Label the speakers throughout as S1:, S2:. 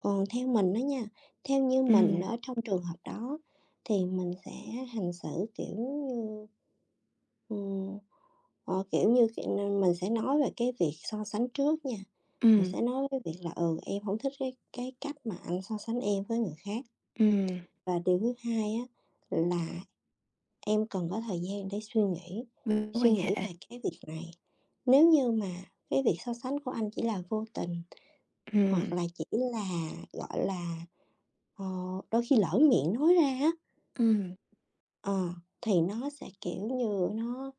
S1: Còn theo mình á nha, theo như mình
S2: Ừm.
S1: ở trong trường hợp đó thì mình sẽ hành xử, kiểu như, ừm, ờ, kiểu như, kiểu nên mình sẽ nói về cái việc so sánh trước nha, mình
S2: Ừm.
S1: sẽ nói cái việc là "Ừ, em hổng thích cái cái cách mà anh so sánh em với người khác.
S2: Ừm.
S1: Và điều thứ hai á là em cần có thời gian để suy nghĩ,
S2: Mối
S1: suy
S2: quan
S1: nghĩ
S2: hệ.
S1: về cái việc này, nếu như mà cái việc so sánh của anh chỉ là vô tình hoặc
S2: Ừm.
S1: là chỉ là, gọi là, ờ, đôi khi lỡ miệng nói ra á"
S2: Ừm.
S1: "ờ, thì nó sẽ, kiểu như, nó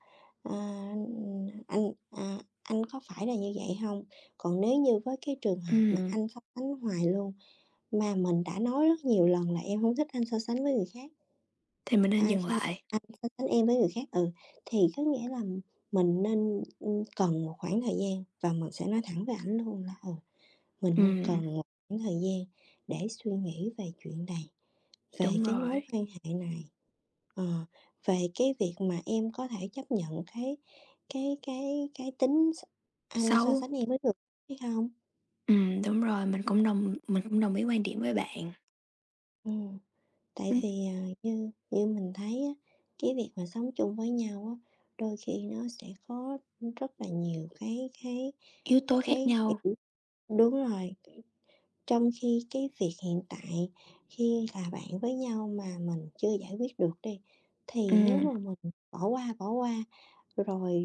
S1: a, ừm, anh, a, anh có phải là như vậy hông?" Còn nếu như với cái trường hợp mà
S2: Ừm.
S1: anh so sánh hoài luôn, mà mình đã nói rất nhiều lần là em hông thích anh so sánh với người khác,
S2: Thì mình nên
S1: a,
S2: dừng
S1: kh
S2: lại.
S1: anh so sánh em với người khác ừ, thì có nghĩa là mình nên, ừm, cần một khoảng thời gian và mình sẽ nói thẳng với ảnh luôn là, ừ, mình nên
S2: Ừm.
S1: cần một khoảng thời gian để suy nghĩ về chuyện này, về
S2: Đúng
S1: cái mối
S2: rồi.
S1: quan hệ này, ờ, về cái việc mà em có thể chấp nhận cái cái cái cái tính s anh so
S2: Xấu.
S1: sánh em với người hay không.
S2: Ừm, đúng rồi, mình cũng đồng mình cũng đồng ý quan điểm với bạn.
S1: Ừm. Tại
S2: Ưm.
S1: vì, à, như như mình thấy á, cái việc mà sống chung với nhau á, đôi khi nó sẽ có rất là nhiều cái cái
S2: Yếu tố khác
S1: cái
S2: nhau.
S1: kiểu đúng rồi, kiểu, trong khi cái việc hiện tại khi là bạn với nhau mà mình chưa giải quyết được đi, thì nếu
S2: Ừm.
S1: mà mình bỏ qua, bỏ qua rồi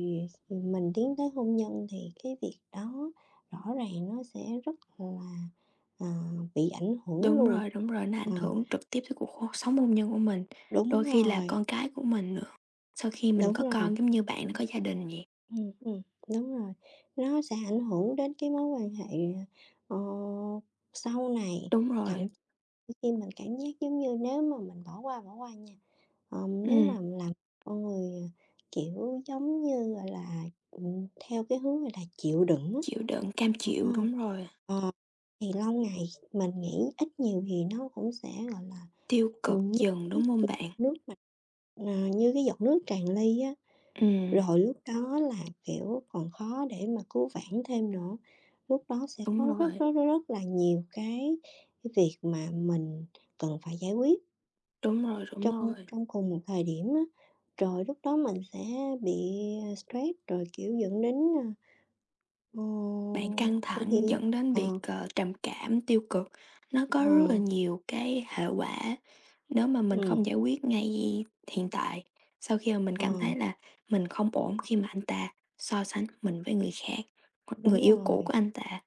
S1: mình tiến tới hôn nhân thì cái việc đó rõ ràng nó sẽ rất là, à, bị ảnh hưởng
S2: Đúng
S1: luôn.
S2: rồi, đúng rồi, nó ảnh
S1: Ờ.
S2: hưởng trực tiếp tới cuộc hô sống hôn nhân của mình.
S1: Đúng
S2: Đôi khi là
S1: rồi.
S2: con cái của mình nữa, sau khi mình
S1: Đúng
S2: có
S1: rồi.
S2: con giống như bạn có gia đình vậy.
S1: Ừm, ừm, đúng rồi. Nó sẽ ảnh hưởng đến cái mối quan hệ, ờ, sau này,
S2: Đúng
S1: thậm
S2: rồi.
S1: [unintelligible] khi mình cảm giác giống như nếu mà mình bỏ qua, bỏ qua nha, ờm, nếu mà
S2: Ừm.
S1: làm con người, kiểu, giống như, gọi là, ừm, theo cái hướng, gọi là, chịu đựng á
S2: Chịu đựng, cam
S1: ờ,
S2: chịu, đúng rồi.
S1: ờ, thì lâu ngày mình nghĩ ít nhiều thì nó cũng sẽ, gọi là,
S2: Tiêu cực
S1: ừm, như
S2: dần, đúng hông
S1: [unintelligible]
S2: bạn?
S1: nước mà mà như cái giọt nước tràn ly á.
S2: Ừm.
S1: Rồi lúc đó là kiểu còn khó để mà cứu vãn thêm nữa, lúc đó sẽ
S2: Đúng
S1: có rất,
S2: rồi.
S1: rất, rất, rất là nhiều cái cái việc mà mình cần phải giải quyết
S2: Đúng rồi, đúng
S1: trong
S2: rồi.
S1: trong cùng một thời điểm á, rồi lúc đó mình sẽ bị stress rồi kiểu dẫn đến, ờ,
S2: Bạn căng
S1: ờ
S2: thẳng dẫn
S1: [unintelligible]
S2: đến việc,
S1: ờ.
S2: ờ, trầm cảm, tiêu cực, nó có rất là
S1: Ờ.
S2: nhiều cái hệ quả nếu mà mình
S1: Ừm.
S2: không giải quyết ngay hiện tại. Sau khi mà mình cảm
S1: Ờ.
S2: thấy là mình không ổn khi mà anh ta so sánh mình với người khác, hoặc
S1: Đúng
S2: người yêu cũ
S1: rồi.
S2: của anh ta.